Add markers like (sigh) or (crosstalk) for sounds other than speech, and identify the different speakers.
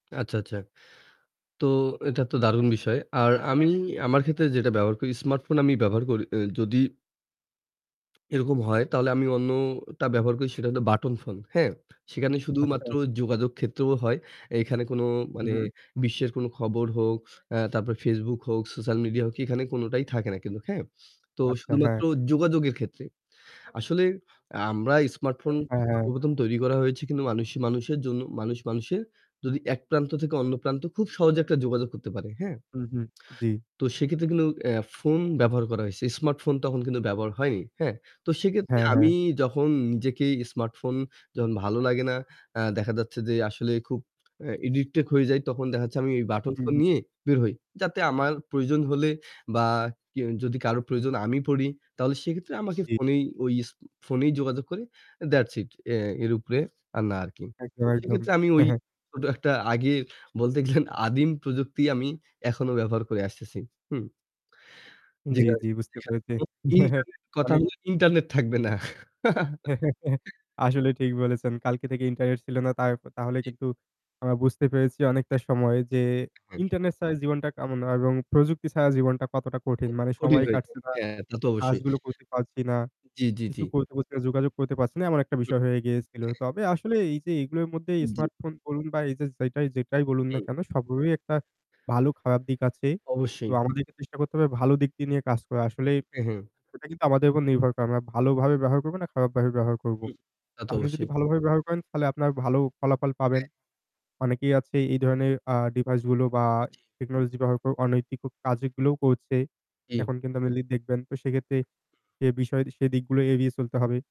Speaker 1: আচ্ছা, আচ্ছা। তো এটা তো দারুণ বিষয়। আর আমি আমার ক্ষেত্রে যেটা ব্যবহার করি স্মার্টফোন আমি ব্যবহার করি, আ যদি (smacks lips) (swallows) এরকম হয় তাহলে আমি অন্যটা ব্যবহার করি সেটা হলো বাটন ফোন হ্যাঁ? সেখানে শুধুমাত্র
Speaker 2: আচ্ছা।
Speaker 1: যোগাযোগ ক্ষেত্রেও হয়। এখানে কোন
Speaker 2: হু,
Speaker 1: মানে
Speaker 2: হু।
Speaker 1: বিশ্বের কোন খবর হোক, আ তারপরে Facebook হোক, সোশ্যাল মিডিয়া হোক এখানে কোনটাই থাকে না কিন্তু। হ্যাঁ? তো
Speaker 2: আচ্ছা,
Speaker 1: শুধুমাত্র
Speaker 2: হ্যাঁ।
Speaker 1: যোগাযোগের ক্ষেত্রে। আসলে আমরা স্মার্টফোন
Speaker 2: হ্যাঁ, হ্যাঁ।
Speaker 1: সর্বপ্রথম তৈরি করা হয়েছে কিন্তু মানুষই মানুষের জন্য, মানুষ মানুষের যদি এক প্রান্ত থেকে অন্য প্রান্ত খুব সহজে একটা যোগাযোগ করতে পারে, হ্যাঁ।
Speaker 2: হু, হু। জি।
Speaker 1: তো সেক্ষেত্রে কিন্তু আ ফোন ব্যবহার করা হইছে। স্মার্টফোন তখন কিন্তু ব্যবহার হয়নি। হ্যাঁ? তো সেক্ষেত্রে
Speaker 2: হ্যাঁ,
Speaker 1: আমি
Speaker 2: হ্যাঁ।
Speaker 1: যখন নিজেকেই স্মার্টফোন যখন ভালো লাগে না, আ দেখা যাচ্ছে যে আসলে খুব আ অ্যাডিক্টেড হয়ে যাই তখন দেখা যাচ্ছে আমি এই বাটন
Speaker 2: হু,
Speaker 1: ফোন
Speaker 2: হু।
Speaker 1: নিয়ে বের হই। যাতে আমার প্রয়োজন হলে বা কেউ যদি কারো প্রয়োজন আমি পড়ি তাহলে সেক্ষেত্রে আমাকে
Speaker 2: জি।
Speaker 1: ফোনেই ওই এস ফোনেই যোগাযোগ করে। that's it আ এর উপরে আর না আরকি। তো
Speaker 2: একদম, একদম।
Speaker 1: সেক্ষেত্রে আমি ওই
Speaker 2: (chuckles)
Speaker 1: ছোট একটা আগে বলতে গেলেন আদিম প্রযুক্তি আমি এখনো ব্যবহার করে আসতেছি। হুম।
Speaker 2: জি,
Speaker 1: যেখানে
Speaker 2: জি বুঝতে পেরেছি।
Speaker 1: (unintelligible)
Speaker 2: (chuckles)
Speaker 1: ইন্টারনেট কথা
Speaker 2: অনেক
Speaker 1: হল ইন্টারনেট থাকবে না।
Speaker 2: (chuckles)
Speaker 1: (chuckles)
Speaker 2: আসলে ঠিক বলেছেন। কালকে থেকে ইন্টারনেট ছিল না। তার তাহলে
Speaker 1: জি।
Speaker 2: কিন্তু আমরা বুঝতে পেরেছি অনেকটা সময় যে
Speaker 1: হুম।
Speaker 2: ইন্টারনেট ছাড়া জীবনটা কেমন না এবং প্রযুক্তি ছাড়া জীবনটা কতটা
Speaker 1: ক
Speaker 2: কঠিন।
Speaker 1: ক
Speaker 2: মানে
Speaker 1: কঠিন
Speaker 2: সময়
Speaker 1: হয়ে যায়।
Speaker 2: কাটছে না।
Speaker 1: হ্যাঁ, তা তো অবশ্যই।
Speaker 2: কাজগুলো করতে পারছি না।
Speaker 1: জি, জি, জি।
Speaker 2: কিছু করতে পারছি না, যোগাযোগ করতে পারছি না। এমন একটা
Speaker 1: হুম,
Speaker 2: বিষয় হয়ে গিয়েছিল।
Speaker 1: হ্যাঁ।
Speaker 2: তবে আসলে এই যে এগুলোর মধ্যে
Speaker 1: জি।
Speaker 2: স্মার্ট ফোন বলুন বা এই যে যেটাই যেটাই বলুন না
Speaker 1: হুম।
Speaker 2: কেন সবগুলোর একটা ভালো খারাপ দিক আছে। তো
Speaker 1: অবশ্যই।
Speaker 2: আমাদেরকে চেষ্টা করতে হবে ভালো দিক টি নিয়ে কাজ করা। আসলেই
Speaker 1: হু, হু।
Speaker 2: এটা কিন্তু আমাদের উপর নির্ভর করে। আমরা ভালোভাবে ব্যবহার করব না খারাপ ভাবে ব্যবহার করব।
Speaker 1: জি। তা তো
Speaker 2: আপনি যদি
Speaker 1: অবশ্যই।
Speaker 2: ভালোভাবে ব্যবহার করেন তাহলে আপনার ভালো ফলাফল পাবেন।
Speaker 1: হ্যাঁ।
Speaker 2: অনেকেই আছে এই ধরনের আ ডিভাইস গুলো বা
Speaker 1: জি।
Speaker 2: টেকনোলজি ব্যবহার অনৈতিক কাজগুলোও করছে।
Speaker 1: হুম।
Speaker 2: এখন কিন্তু (unintelligible) আপনি দেখবেন। তো সেক্ষেত্রে
Speaker 1: হু।
Speaker 2: সে বিষয় সে দিকগুলো এড়িয়ে চলতে হবে।